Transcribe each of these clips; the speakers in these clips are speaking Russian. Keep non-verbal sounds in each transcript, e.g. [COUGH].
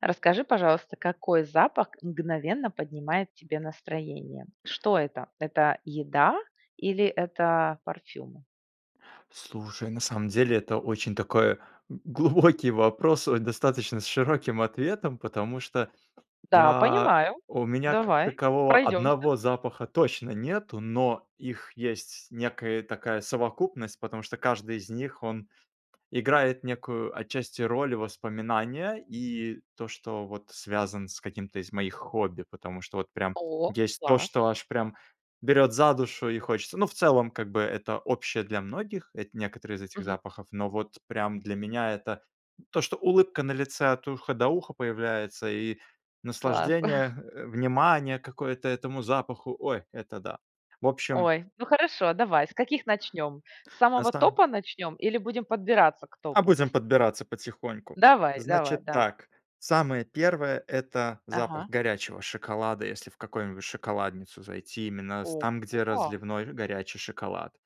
Расскажи, пожалуйста, какой запах мгновенно поднимает тебе настроение? Что это? Это еда или это парфюм? Слушай, на самом деле это очень такой глубокий вопрос с достаточно с широким ответом, потому что, Да, я, понимаю. у меня как Давай такового пройдемся. одного запаха точно нету, но их есть некая такая совокупность, потому что каждый из них он играет некую отчасти роль воспоминания и то, что вот связан с каким-то из моих хобби, потому что вот прям О, есть то, класс! что аж прям берёт за душу и хочется. Ну, в целом, как бы это общее для многих. Это некоторые из этих Мгм. запахов, но вот прям для меня это то, что улыбка на лице от уха до уха появляется, и Класс. наслаждение, [CHUCKLES] э, внимание какое-то этому запаху, ой, это да. В общем Ой, ну хорошо, давай. С каких начнем? С На самого сам топа начнем или будем подбираться к А топу будем постепенно? подбираться потихоньку. Давай давай Значит давай! так, самое первое- это запах Ага. горячего шоколада. Если в какую-нибудь шоколадницу зайти, именно с там, где Ого! разливной горячий шоколад.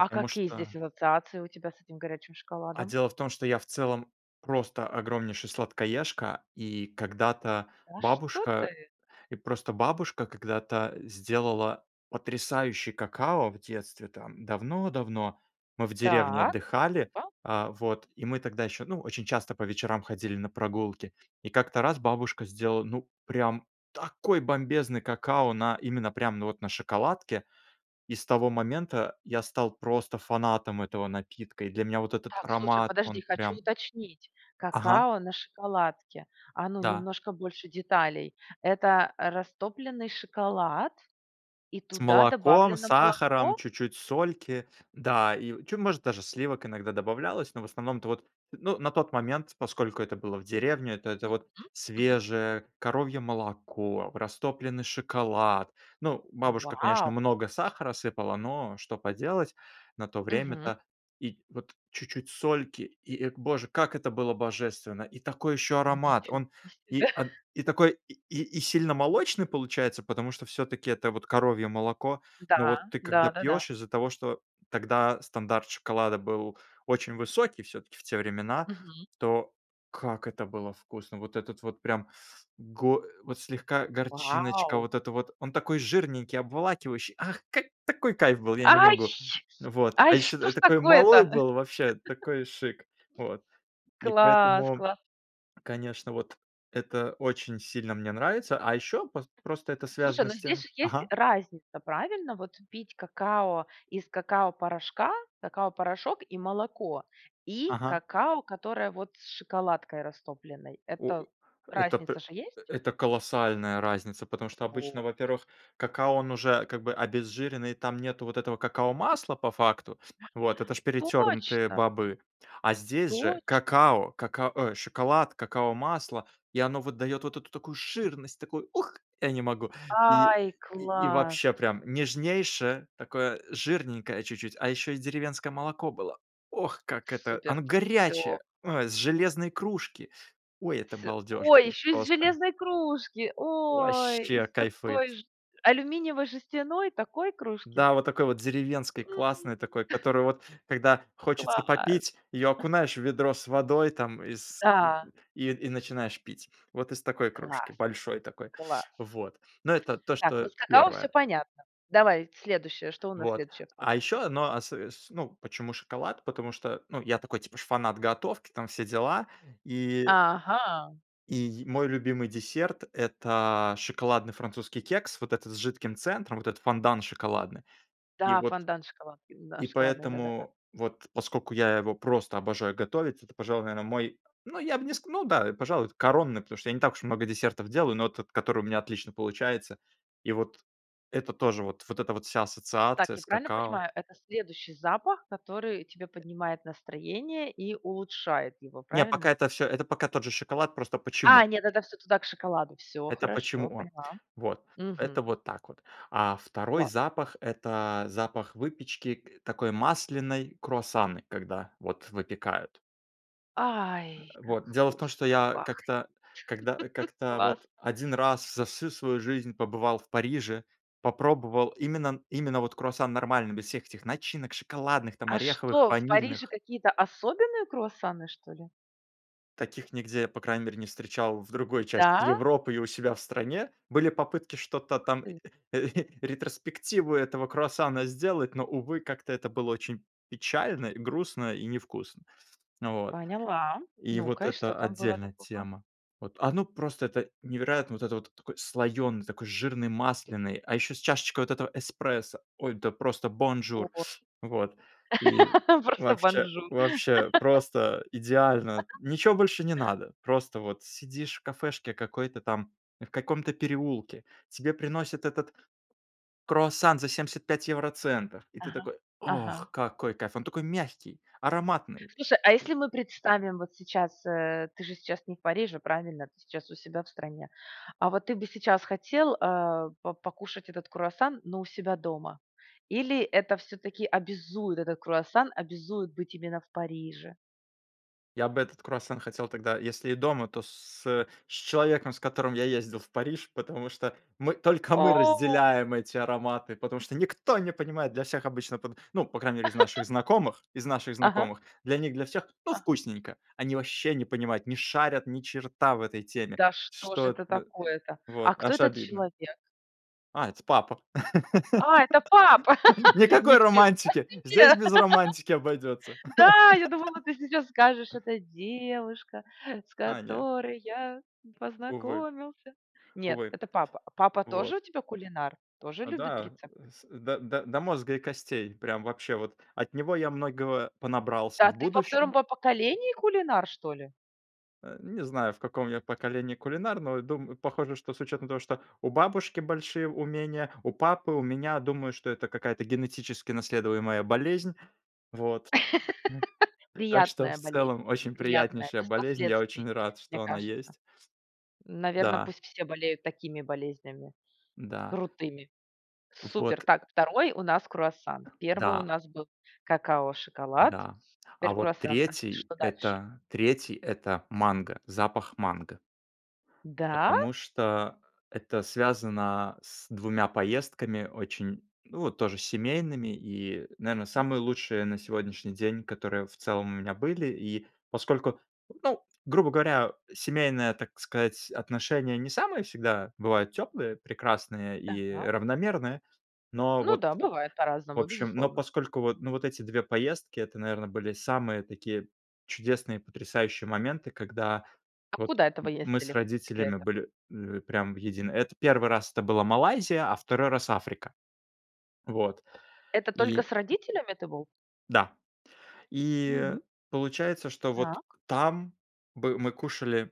А какие здесь что ассоциации у тебя с этим горячим А шоколадом? дело в том, что я в целом просто огромнейший сладкоежка, и когда-то Да что бабушка ты! и просто бабушка когда-то сделала потрясающий какао в детстве, там, давно давно. Мы в деревне Так, отдыхали, ва э, вот, и мы тогда еще, ну, очень часто по вечерам ходили на прогулки. И как-то раз бабушка сделала, ну, прям такой бомбезный какао, на именно прямо, ну, вот, на шоколадке, и с того момента я стал просто фанатом этого напитка, и для меня вот этот Так слушай, аромат, подожди, он хочу прям уточнить, Ага. какао на шоколадке. А, ну, Да. немножко больше деталей. Это растопленный шоколад и С туда молоком, добавлено сахаром, молоко? чуть-чуть сольки, да, и чё, может, даже сливок иногда добавлялось, но в основном-то вот, ну, на тот момент, поскольку это было в деревне, это вот Мгм мгм. свежее коровье молоко, растопленный шоколад. Ну, бабушка, конечно, Вау! много сахара сыпала, но что поделать, на то Мгм. время-то, и вот, чуть-чуть сольки. И, о боже, как это было божественно! И такой ещё аромат! Ничего Он, себе! и он [CHUCKLES] и такой и и сильно молочный получается, потому что всё-таки это вот коровье молоко, Да, ну вот ты когда да-да-да. пьёшь, из-за того, что тогда стандарт шоколада был очень высокий всё-таки в те времена, Мгм. то как это было вкусно! Вот этот вот прям го вот слегка горчиночка Вау! вот эта вот. Он такой жирненький, обволакивающий. Ах, какой такой кайф был, я не Ай! могу! Вот. А Ай, еще что я ж такой малой такое-то? [CHUCKLES] был, вообще такой шик, вот. И Класс поэтому, класс! конечно, вот, это очень сильно мне нравится, а еще пос просто это Слушай, связано ну, с тем здесь есть же ага. разница, правильно, вот? Пить какао из какао-порошка. Какао-порошок, и молоко, и Ага. какао, которое, вот, с шоколадкой растопленной. О Это это разница п же есть? это колоссальная разница, потому что обычно, Вот! во-первых, какао он уже как бы обезжиренный, там нету вот этого какао-масла по факту. Вот. Это же перетернутые Точно! бобы. А здесь же Точно! какао, кака ой, шоколад, какао-масло, и оно, вот, дает вот эту такую жирность, такую, ух, я не могу! И, Ай, и класс! вообще прям нежнейшее, такое жирненькое чуть-чуть, а еще и деревенское молоко было. Ох, как это! Супер! Оно Всё! горячее, ой, с железной кружки, ой, это С балдеж ой, был, еще из просто! железной кружки! Ой, Ваще из кайфует. такой же. Алюминиевой жестяной, такой кружки? Да вот такой вот деревенский М. классный такой, [CHUCKLES] которую вот когда хочется Класс! попить, ее окунаешь в ведро с водой там, и с Да! и и начинаешь пить. Вот из такой кружки. Класс Большой такой, класс! вот. Но это то, Так, ну, что с какао все первое. понятно. Давай следующее. Что у нас Вот. следующее в А топе идет? еще одно, осо с ну, почему шоколад? Потому что, ну, я такой, типа, ж фанат готовки, там все дела. И Ага. И, мой любимый десерт- это шоколадный французский кекс, вот этот с жидким центром, вот этот фондан шоколадный. И Да, вот фонтан шоколадки. Да, И шоколадный, да-да-да. поэтому, вот поскольку я его просто обожаю готовить, это, пожалуй, наверное, мой, ну, я бы не ск ну да, пожалуй, коронный, потому что я не так уж много десертов делаю, но тот, который у меня отлично получается. И вот это тоже вот, вот эта вот вся Так, ассоциация я с правильно какао. понимаю, это следующий запах, который тебе поднимает настроение и улучшает его, Не, пока правильно? это всё, это пока тот же шоколад, просто почему. А, нет, это всё туда, к шоколаду. Все Это почему хорошо, он. поняла. Вот. Мгм. Это вот так вот. А 2 Класс. запах- это запах выпечки, т утакой масляной, круассаны, когда вот выпекают. Ай, как Вот, дело в том, что вкусно я пахнет! как-то когда [CHUCKLES] как-то Класс. вот 1 раз за всю свою жизнь побывал в Париже, попробовал именно н именно вот круассан нормальный, без всех этих начинок шоколадных, там, А ореховых, что, в Париже ванильных. какие-то особенные круассаны, что ли? Таких нигде, по крайней мере, не встречал в другой части Да? Европы и у себя в стране. Были попытки что-то Ух там, ты! [CHUCKLES] ретроспективу этого круассана сделать, но, увы, как-то это было очень печально, грустно и не вкусно. Вот. Поняла, И вот ну-ка, и что это там было отдельная такого? тема. Вот. Оно просто это невероятно. Вот это вот такой слоёный, такой жирный, масляный, а ещё с чашечкой вот этого эспрессо. Ой, да просто бонжур О. Вот. И [LAUGHS] Просто вообще бонжур. вообще [LAUGHS] просто идеально, [CHUCKLES] ничего больше не надо, просто вот сидишь в кафешке какой-то там, в каком-то переулке, тебе приносят этот круассан за 75 евроцентов, и ты Ага такой: ага. "Ох, какой кайф". Он такой мягкий, ароматный, Слушай, а и если мы представим вот сейчас, э, ты же сейчас не в Париже, правильно? Ты сейчас у себя в стране. А вот ты бы сейчас хотел, э, по покушать этот круассан, но у себя дома или это все-таки обязует, этот круассан обязует быть именно в Париже? Я бы этот круассан хотел тогда если и дома, то с с э, с человеком, с которым я ездил в Париж. Потому что мы, только мы О. разделяем эти ароматы, потому что никто не понимает, для всех обычно, под ну, по крайней мере, из наших [LAUGHS] знакомых, из наших Ага. знакомых для них для всех, ну, Ага. вкусненько. Они ваще не понимают, не шарят ни черта в этой теме, Да что ж что это да, такое-то! вот, А кто аж этот обидно. человек? А, это папа. А, это папа! [LAUGHS] [LAUGHS] Никакой Ничего романтики! Здесь себе! без романтики обойдётся. [LAUGHS] Да, я думала, ты сейчас скажешь: [LAUGHS] "Это девушка, с А, нет. которой я Увы. познакомился". Нет, Увы. это папа. Папа тоже Вот. у тебя кулинар? Тоже А, любит да. рецепты? С да, да, до мозга и костей. Прям вообще вот. От него я многого понабрался Да, в ты во 2 будущем. по поколении кулинар, что ли? Э, не знаю, в каком я поколении кулинар, но дум похоже, что с учетом того, что у бабушки большие умения, у папы. У меня, думаю, что это какая-то генетически наследуемая болезнь, вот. [LAUGHS] Так что в Приятная болезнь, целом очень приятная, приятнейшая без болезнь, я последствий, очень рад, мне что она кажется. есть. Наверно, Да. пусть все болеют такими болезнями, Да. крутыми. Супер! Вот. Так, 2 у нас круассан. 1 у Да. нас был какао-шоколад. Да. А Теперь вот круассан. А с 3, что дальше? это, 3, это манго, запах манго. Да? Потому что это связано с 2 поездками, очень, ну, вот тоже, семейными, и, наверно, Мгм. самые лучшие на сегодняшний день, которые в целом у меня были. И, поскольку, ну, грубо говоря, семейная, так сказать, отношения не самые всегда бывают теплые, прекрасные и Так. равномерные, но Ну вот, да, бывает в по-разному, общем. Но безусловно. поскольку вот, ну, вот эти 2 поездки, это, наверно, были самые такие чудесные, потрясающие моменты, когда А вот куда это вы м мы с ездили? Где родителями это? были, ли прям в единый это 1 раз это была Малайзия, а 2 раз Африка. Вот Это только и с родителями ты был? Да. И Мгм. получается, что вот Так. там бы мы кушали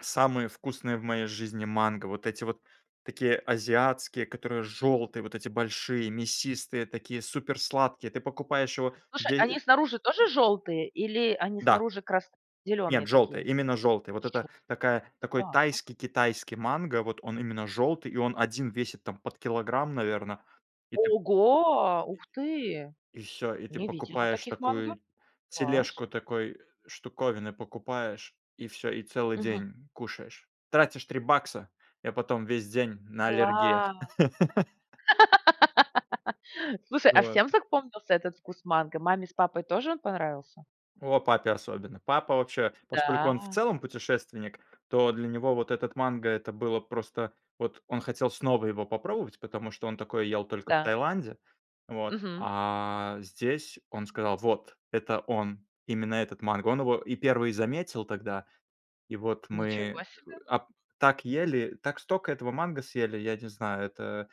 самые вкусные в моей жизни манго, вот эти вот такие азиатские, которые жёлтые, вот эти большие, мясистые, такие супер сладкие. Ты покупаешь его Слушай, они дей снаружи тоже жёлтые или они Да! снаружи крас зеленые Нет, жёлтые, такие? именно жёлтые, вот это Желтые. такая такой Так. тайский-китайский манго, вот он именно жёлтый, и он 1 весит там под килограмм, наверно. И ты Ого! Ух ты! И всё, и ты Не видела покупаешь таких манго. такую Класс! тележку, такой штуковины покупаешь, и всё, и целый Мгм. день кушаешь. Тратишь 3 бакса, и потом весь день на аллергиях. Класс! [LAUGHS] [LAUGHS] Слушай, а Вот. всем запомнился этот вкус манго? Маме с папой тоже он понравился? О, папе особенно! Папа вообще, поскольку он в Да. целом путешественник, то для него вот этот манго- это было просто Вот он хотел снова его попробовать, потому что он такое ел только в Да. Таиланде, вот, Мгм. а, здесь он сказал: "Вот, это он, именно этот манго". Он его и первый заметил тогда. И вот Ничего мы себе! ап так ели, так стока этого манго съели, я не знаю. Это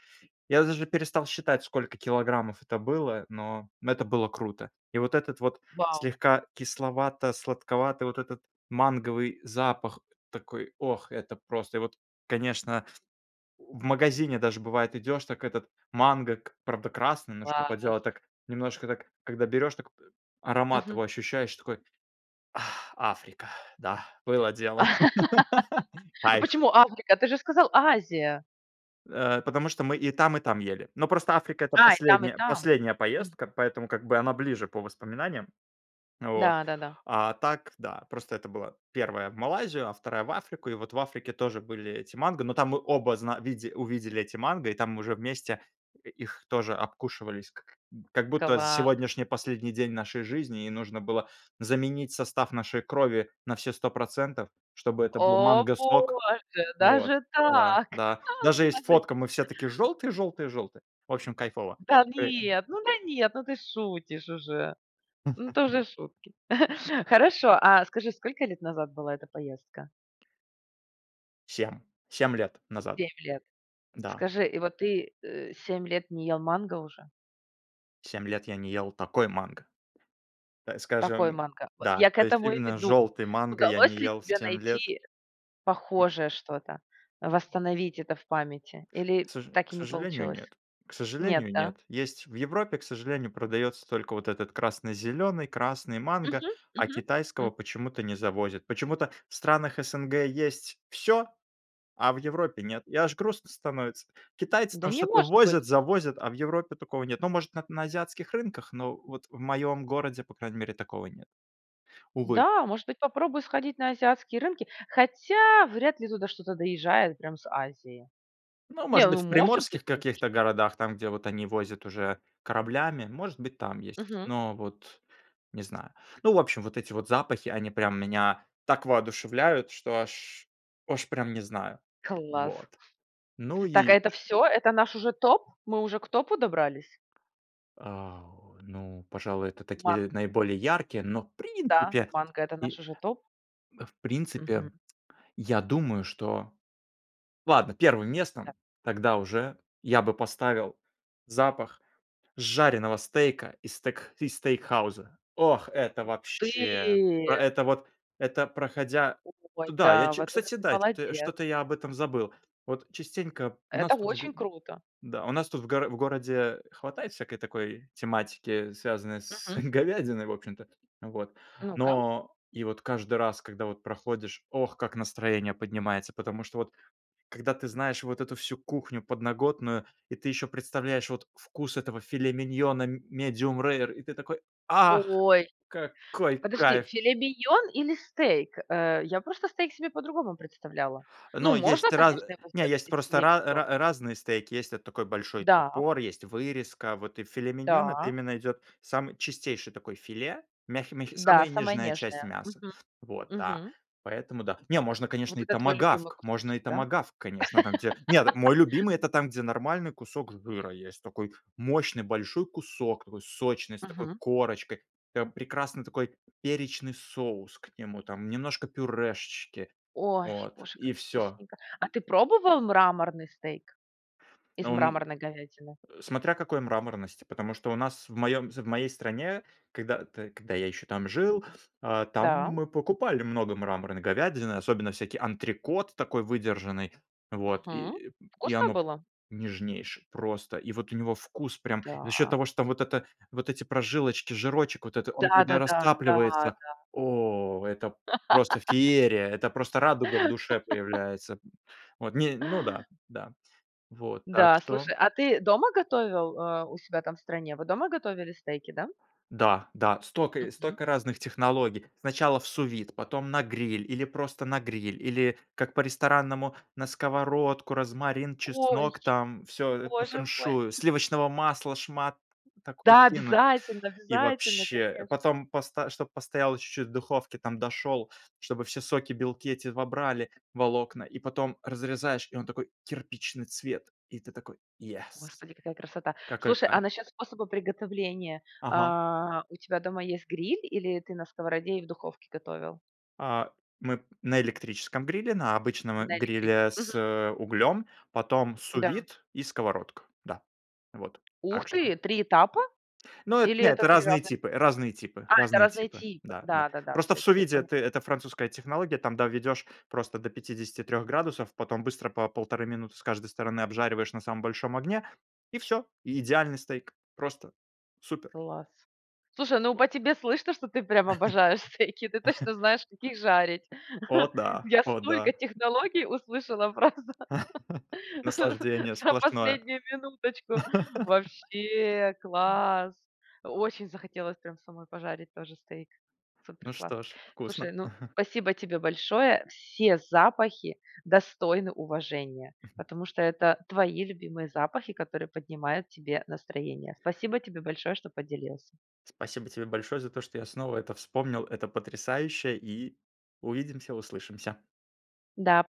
Я даже перестал считать, сколько килограммов это было, но это было круто! И вот этот вот Вау! слегка кисловато-сладковатый, вот этот манговый запах. Такой, ох! Это просто И вот, конечно В магазине даже бывает- идёшь, так этот манго, к правда красный, но что Класс! поделать, так немножко, так, когда берёшь, так аромат Мгм. его ощущаешь такой: "Ах, Африка! Да, было дело!" [LAUGHS] [LAUGHS] А Кайф! почему Африка? Ты же сказал: "Азия". Э, потому что мы и там и там ели. Но просто Африка- это А, и там, и последняя там. последняя М. поездка, поэтому как бы она ближе по воспоминаниям. Вот. Да-да-да. А так, да, просто это была 1 в Малайзию, а 2 в Африку. И вот в Африке тоже были эти манго, но там мы оба зна виде увидели эти манго, и там уже вместе их тоже обкушивались, как как будто Класс! сегодняшний последний день нашей жизни, и нужно было заменить состав нашей крови на все 100 %, чтобы это был О манго сок. боже, Вот. даже Да, так! да. А, Даже есть положите. фотка: мы все такие жёлтые жёлтые жёлтые. В общем, кайфово. Да Э Ага. нет, ну да, нет, ну ты шутишь уже! Ну, это [CHUCKLES] уже шутки. [CHUCKLES] Хорошо, а скажи, сколько лет назад была эта поездка? 7- 7 лет назад. 7 лет. Да. Скажи, и вот ты, э, 7 лет не ел манго уже? 7 лет я не ел такой манго. Так Такой скажем, манго? Вот да. я к То есть этому и именно веду. жёлтый манго я Удалось не ли ел тебе 7 лет. найти похожее что-то, восстановить это в памяти К или соже так к и не сожалению, получилось? нет. К Нет, сожалению, да? нет. Есть в Европе, к сожалению, продаётся только вот этот красно-зелёный, красный манго, Мгм, а мгм, китайского м. почему-то не завозят. Почему-то в странах СНГ есть всё, а в Европе- нет. И аж грустно становится. Китайцы Да там не что-то может возят, быть. завозят, а в Европе такого нет. Ну, может, на на азиатских рынках, но вот в моём городе, по крайней мере, такого нет. Увы. Да, может быть, попробую сходить на азиатские рынки, хотя вряд ли туда что-то доезжает прям с Азии. Ну, Не, может быть, ну в может быть, приморских каких-то конечно. городах, там, где вот они возят уже кораблями, может быть, там есть, Мгм. но вот не знаю. Ну, в общем, вот эти вот запахи, они прям меня так воодушевляют, что аж аж прям не знаю. Класс! Вот. Ну Так, а и это чт всё? Это наш уже топ? Мы уже к топу добрались? А, ну, пожалуй, это Ман такие, наиболее яркие, но, в Да, принципе манго- это наш и уже топ? В принципе, Мгм. я думаю, что Ладно, первым Да. местом тогда уже я бы поставил запах жареного стейка из стек из стейкхауза. Ох, это Ух ты! вообще! Это вот, это, проходя Ой, туда, я да, чу вот это кстати, ты да, кто молодец. что-то я об этом забыл. Вот частенько у Это нас тут в г очень круто. Да, у нас тут в гор в городе хватает всякой такой тематики, связанной с Мгм. говядиной в общем-то, вот. Ну-ка. Но и вот каждый раз, когда вот проходишь, ох, как настроение поднимается! Потому что, вот когда ты знаешь вот эту всю кухню подноготную, и ты еще представляешь вкус этого филе-миньона м medium-rare и ты такой: "Ах, Ой! какой Подожди, кайф!" филе-миньон или стейк? Э, я просто стейк себе по-другому представляла. Ну, Ну, можно, есть раз конечно, его не, сделать есть из просто ра филе-миньон. ра разные стейки. Есть вот такой большой Да. топор, есть вырезка, вот, и филе-миньон- это Да. именно идет самый чистейший такой филе, мягкий мягкий, Да, самая самая нежная часть нежная. мяса, Мгм. вот, да, Мгм. поэтому, да. Не, можно, конечно, Вот и это твой любимый томагавк, можно кусочек, и да? томагавк, конечно, там те. Нет, мой [LAUGHS] любимый- это там, где нормальный кусок жира есть, такой мощный большой кусок, такой сочный, с такой Мгм. корочкой. Там прекрасный такой перечный соус к нему там, немножко пюрешечки. Ой, Вот. боже, И как всё. вкусненько! А ты пробовал мраморный стейк? Из Но у ме мраморной говядины? Э, смотря какой мраморности, потому что у нас в моём з в моей стране, когда т когда я еще там жил, а, там Да. мы покупали много мраморной говядины, особенно всякий антрекот, такой выдержанный, вот. Мгм. И и Вкусно оно было? нежнейшее просто, и вот у него вкус прям За счёт Да. того, что вот эта вот эти прожилочки, жирочек вот это, он когда Да-да-да. Да, растапливается. да. О! Это просто феерия, это просто радуга в душе [LAUGHS] появляется. М, вот. Не Ну да. Да. Вот, так Да, что слушай, а ты дома готовил, а, у себя там в стране? Вы дома готовили стейки, да? Да, да. Стока Мгм. стока разных технологий: сначала в су-вид, потом на гриль, или просто на гриль, или как по-ресторанному, на сковородку, розмарин, Ой! чеснок там, всё, э, по Боже мой! феншую, сливочного масла шмат такой Да, кинуть. обязательно И обязательно, вообще. конечно! Потом посто чтоб постояло чуть-чуть в духовке, там дошёл, чтобы все соки, белки эти вобрали волокна, и потом разрезаешь, и он такой- кирпичный цвет, и ты такой: "Yes!" Господи, какая красота! Какой Слушай, а кайф! насчёт способа приготовления. Ага. А, у тебя дома есть гриль или ты на сковороде или духовке готовил? А, мы на электрическом гриле, на обычного На электриче гриле Мгм. с углем, потом Да. су-вид и сковородка. Да. Вот. Ух Так что. ты, 3 этапа? Ну, это Или не это это 3 разные разных, типы, разные типы, а? А, это разные разные типы. типы? Да, да. Да, да, да, Просто в всё теперь су-виде поня ты, это французская технология, там доведешь просто до 53 градусов, потом быстро по 1,5 минуты с каждой стороны обжариваешь на самом большом огне и всё. И идеальный стейк, просто. Супер! Класс. Слушай, ну, Вот. по тебе слышно, что ты прям обожаешь стейки. Ты точно знаешь, как их жарить. [LAUGHS] О [CHUCKLES] да! Я О да! столько технологий услышала, просто, [LAUGHS] [LAUGHS] Наслаждение за сплошное. последнюю минуточку. Вообще [LAUGHS] класс! Очень захотелось прям самой пожарить тоже стейк. Супер Ну класс! что ж, Слушай, вкусно. ну, [LAUGHS] спасибо тебе большое! Все запахи достойны уважения, [CHUCKLES] потому что это твои любимые запахи, которые поднимают тебе настроение. Спасибо тебе большое, что поделился. Спасибо тебе большое за то, что я снова это вспомнил, это потрясающе, и увидимся, услышимся. Да.